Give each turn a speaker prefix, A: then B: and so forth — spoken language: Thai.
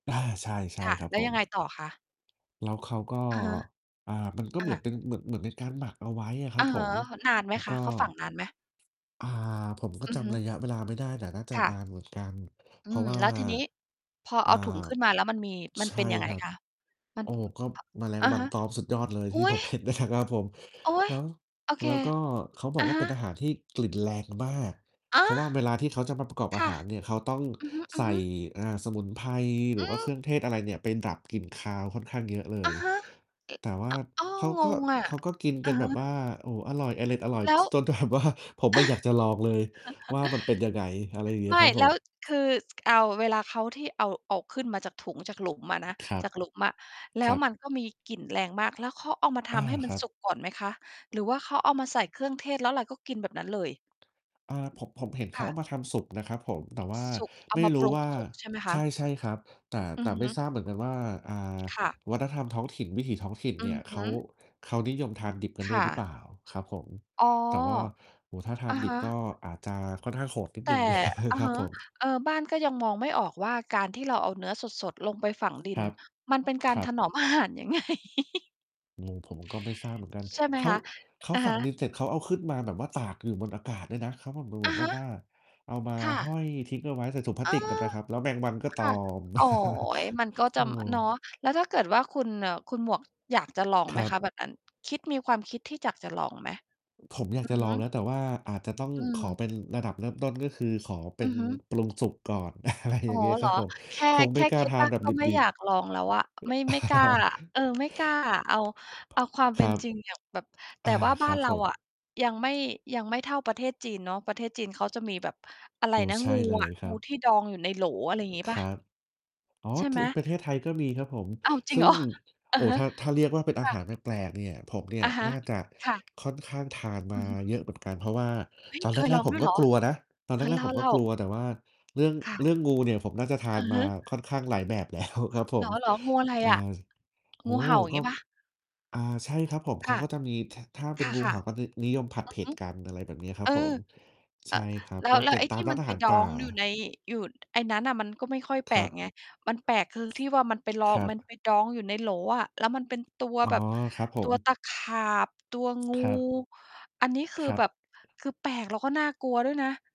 A: อา ใช่ ใช่
B: ค่ะ
A: ครั
B: แ
A: บ
B: ล้
A: ผ
B: วยังไง
A: ม
B: ต่อคะ?
A: แล้วเขาก็
B: อะฮะ
A: อ่า มันก็
B: อ
A: เหมือน
B: า
A: เป็น เหมือน เหมือนเป็นการหมักเอาไว้อะคร
B: อ
A: ับ
B: ะ
A: ผ
B: ฮะ
A: ม
B: นานไห
A: แ
B: ม
A: ล้ว
B: ค
A: ก็
B: ะ? เขาฝังนานไหม?
A: อา ผมก็
B: อื
A: จ
B: อฮึ
A: ำระยะเวลาไม่ได้ แต่น่าจะ
B: ค่
A: น
B: ะ
A: านเหมือนกัน
B: อ
A: เ
B: ื
A: พราะ
B: ม
A: ว่า
B: แล้วทีนี้ พอ
A: อ่
B: เ
A: า
B: อาถุงขึ้นมา แล้วมันมี มั
A: ใ
B: น
A: ช
B: เป
A: ่
B: ็นยังไง
A: ครับ
B: คะ? มั
A: โ
B: น
A: อ้! ก็
B: อ่า
A: แมลง
B: อะ
A: วั
B: ฮ
A: น
B: ะ
A: ตอมสุดยอดเลย
B: อุ
A: ท
B: ๊
A: ี่ ผ
B: ย!
A: มเห็นในถัง ครับผม
B: โอ๊
A: แ
B: ย!
A: ล้ว
B: โอเ
A: แ
B: ค
A: ล้วก็เขาบ
B: อ
A: อ
B: ะ
A: กว่า
B: ฮ
A: เป็นต
B: ะ
A: ะหา ที่กลิ่นแรงมาก
B: ฮ
A: เพ
B: ะ!
A: ราะว่าเวลาที่เขาจะมาประกอบ
B: ค
A: อา
B: ่ะ
A: หารเนี่ย เขาต้อง
B: อื
A: ใส
B: อ
A: ่
B: ฮึ ๆ
A: อา สมุนไพรหร
B: อ
A: ื
B: ื
A: อว่าเครื
B: ม
A: ่องเทศ อะไรเนี่ยไปดับกลิ่นคาวค่อนข้างเยอะเล
B: อะ
A: ย
B: ฮะ เอ๊ะ!
A: แต่ว่
B: อ
A: า
B: ่า อ้า
A: เข
B: ว!
A: า
B: ง
A: ก็
B: งอะ
A: เขาก็กิน
B: อ
A: ก
B: ื
A: ั
B: อ
A: น
B: ฮ
A: แบบว
B: ึ
A: ่า โอ้โฮ! อร่อย เอร็ดอร่อย
B: แล้ว
A: จนแถบว่า ผมอะอยากจะลองเลยว่ามันเป็นยังไง อะไรอย่างเงี้
B: ไม
A: ย
B: ่
A: ครับ
B: แ
A: ผ
B: ล้ว
A: ม
B: คือ ส เอา เวลาเขา ที่เอา เอาขึ้นมาจากถุง จากหลุมอะนะ
A: ครั
B: จ
A: บ
B: ากหลุมอะ แล้
A: คร
B: ว
A: ั
B: ม
A: บ
B: ันก็มีกลิ่นแรงมาก แล้วเขาเอามาท
A: อา
B: ำให้ม
A: ค
B: ัน
A: รับ
B: สุกก่อนไหมคะ? หรือว่าเขาเอามาใส่เครื่องเทศ แล้วเราก็กินแบบนั้นเลย
A: อา ผม ผมเห็นเข
B: ค
A: า
B: ่
A: เอ
B: ะ
A: ามาทำสุกนะครับผม แต่ว่
B: ซ
A: า
B: สุก เอ
A: ไ
B: า
A: ม่
B: มา
A: ร
B: ป
A: ู้
B: รุ
A: ว
B: ง
A: ่า
B: สุกใช่ไหมค
A: ใช
B: ะ?
A: ่ ๆ ครับ แต่
B: อื
A: แต
B: อ
A: ่ไ
B: ฮ
A: ม่
B: ึ
A: ทราบเหมือนกันว่า อ่า
B: ค่ะ
A: วัฒนธรรมท้องถิ่น วิถีท้องถิ่น
B: อ
A: เ
B: ื
A: นี่
B: อ
A: ย
B: ฮ
A: เข
B: ึ
A: า เขานิยมทานดิบกัน
B: ค
A: ด้ว
B: ่
A: ยหรือเป
B: ะ
A: ล่าครับผม?
B: อ๋อ
A: แต่ว่า โอ้โฮ! ถ้าทา
B: อะ
A: นด
B: ฮ
A: ิบ
B: ะ
A: ก็อาจจะค่อนข้างโหดนิด
B: แ
A: ห
B: ต
A: นึ่ง
B: ่ อือ
A: ครั
B: ฮ
A: บ
B: ึ
A: ผม
B: เออ บ้านก็ยังมองไม่ออกว่า การที่เราเอาเนื้อสด ๆ ลงไปฝังดิ
A: ค
B: น
A: รับ
B: มัน เป็นกา
A: ค
B: ร
A: รั
B: ถ
A: บ
B: นอมอาหารยัง ไง
A: งง ผมก็ไม่ทราบเหมือนกัน
B: ใช่ไห
A: เ
B: ม
A: ข
B: ค
A: า
B: ะ
A: เขา
B: อะ
A: ฝ
B: ฮ
A: ั
B: ะ
A: งดินเสร็จ เขาเอาขึ้นมาแบบว่าตากอยู่บนอากาศด้วยนะ เขาทำดูเ
B: อ
A: หม
B: ะ
A: ือน
B: ฮ
A: แบบ
B: ะ
A: ว่า เอามา
B: ค่
A: ห้อ
B: ะ
A: ยทิ้งเอาไว้ ใส่ถุงพลา
B: เอ
A: ส
B: อ
A: ติกกันนะครับ แล้วแมงวันก็
B: ค
A: ตอ
B: ่ะ
A: ม
B: โอ๊ย มันก็
A: เ
B: จ
A: อ
B: ะ
A: อ
B: อ เนาะ แล้วถ้าเกิดว่าคุณน่ะ คุณหมวกอยากจะลอง
A: ค
B: ไหม
A: รับ
B: คะ? แบบนั้น คิด มีความคิดที่อยากจะลองไหม?
A: ผมอยา
B: อ
A: ก
B: ื
A: จ
B: อ
A: ะล
B: ฮ
A: อ
B: ึ
A: งนะ แต่ว่าอาจจะต้อง
B: อื
A: ขอ
B: ม
A: เป็นระดับเริ่มต้น ก็คือขอเป็
B: อื
A: น
B: อฮึ
A: ปรุงสุกก่อน อะไร
B: อ
A: อ
B: ๋
A: ย่
B: อ
A: างเงี้ย
B: เ
A: ค
B: ห
A: ร
B: รอ
A: ับผม
B: แค่
A: คง
B: แ
A: ไ
B: ค
A: ม่
B: ่
A: กล้
B: ค
A: า
B: ิด
A: ทา
B: บ้
A: น
B: า
A: แ
B: น
A: บบ
B: ก็ไม่
A: ดิ
B: อย
A: บ
B: ากล
A: ๆ
B: องแล้วอะ ไม่
A: เอ่อ
B: ไม่กล้าอะ เออ ไม่กล้าอะ เอา
A: ครับผ
B: เอาความ
A: ม
B: เป
A: คร
B: ็น
A: ับ
B: จริงอย่างแบบ แต
A: อ
B: ่
A: า
B: ว่าบ
A: ค
B: ้า
A: รั
B: น
A: บ
B: เรา
A: ผ
B: อะ
A: ม
B: ยังไม่ ยังไม่เท่าประเทศจีนเนาะ ประเทศจีนเขาจะมีแบบ อะไร
A: โอ้
B: นะ
A: ใช่
B: งู
A: เล
B: อะ
A: ยคร
B: ง
A: ั
B: ู
A: บ
B: ที่ดองอยู่ในโหล อะไรงี้เ
A: ค
B: ปล่
A: ร
B: า?
A: ับ อ๋อ
B: ใช่
A: ท
B: ไห
A: ึ
B: ม?
A: ประเทศไทยก็มีครับผม
B: อ้าว! จริ
A: ซ
B: ง
A: ึ
B: เ
A: ่
B: หร
A: ง
B: อ? อื
A: โอ
B: อ
A: ้โ
B: ฮ
A: ฮ!
B: ึ
A: ถ้า ถ้าเรียกว่าเป็นอ
B: ค
A: า
B: ่
A: ห
B: ะ
A: ารแปลก ๆ เนี่ย ผมเนี่
B: อ
A: ย
B: ะฮะ
A: น่าจะ
B: ค่ะ
A: ค่อนข้างทาน
B: อ
A: ม
B: ื
A: า
B: อฮึ
A: เยอะเหมือนกัน เพราะว่า
B: อุ๊ย!
A: ตอนแ
B: เคย
A: ร
B: ลอ
A: ก
B: ง
A: ๆ ผ
B: ด
A: ม
B: ้วย
A: ก
B: เ
A: ็
B: หรอ?
A: กลัวนะ ตอน
B: เ
A: แ
B: อ
A: ร
B: อ เ
A: ก ๆ ผมก
B: ล
A: ็
B: ่า
A: กล
B: ๆ
A: ัว แต่ว่า เรื่อง
B: ค่ะ
A: เรื่องงูเนี่ย ผมน่าจะทา
B: อ
A: น
B: ือ
A: ม
B: ฮ
A: า
B: ึ
A: ค่อนข้างหลายแบบ แล้ว ครับผ
B: เ
A: ม
B: หรอ ๆ งูอะไร
A: อ่
B: อะ?
A: า โอ้
B: งูเ
A: โ
B: ห
A: ฮ!
B: ่า อย่าง
A: ก
B: เง
A: ็
B: ี้ยเปล่า?
A: อ่า ใช่ครับผม เข
B: ค
A: า
B: ่ะ
A: ก็จะมีแถะ ถ้าเ
B: ค
A: ป็นงูเ
B: ่
A: ห
B: ะ
A: ่า ก็
B: ๆ
A: น
B: อ
A: ึ นิยมผัด
B: ื
A: เผ
B: อ
A: ็
B: ฮ
A: ด
B: ึ
A: กัน อะไรแบบเนี้ยคร
B: เ
A: ั
B: อ
A: บ
B: อ
A: ผม
B: เ
A: ใ
B: อ
A: ช
B: ่
A: ่
B: อ
A: ครับ
B: แล้
A: ก
B: ว
A: ็
B: แล้
A: เป
B: ว
A: ็น
B: ไอ้
A: ตา
B: ที
A: ม
B: ่
A: ร้
B: ม
A: าน
B: ัน
A: อา
B: ไป
A: หาร
B: ด
A: ป
B: อ
A: ่า
B: งอยู่ใน อยู่ ไอ้นั้นน่ะมันก็ไม่ค่อยแป
A: ค
B: ล
A: รั
B: ก
A: บ
B: ไง มันแปลกคือที่ว่ามันไปลอ
A: ครั
B: มัน
A: บ
B: ไปดองอยู่ในโหลอะ แล้วมันเป็นตัว
A: อ๋อ
B: แบบ
A: ครับผ
B: ตั
A: ม
B: วตะขาบ ตัวงู
A: ครับ
B: อันนี้คื
A: ค
B: อ
A: รั
B: แ
A: บ
B: บบ คือแปลกแล้วก็น่ากลัวด้วยนะ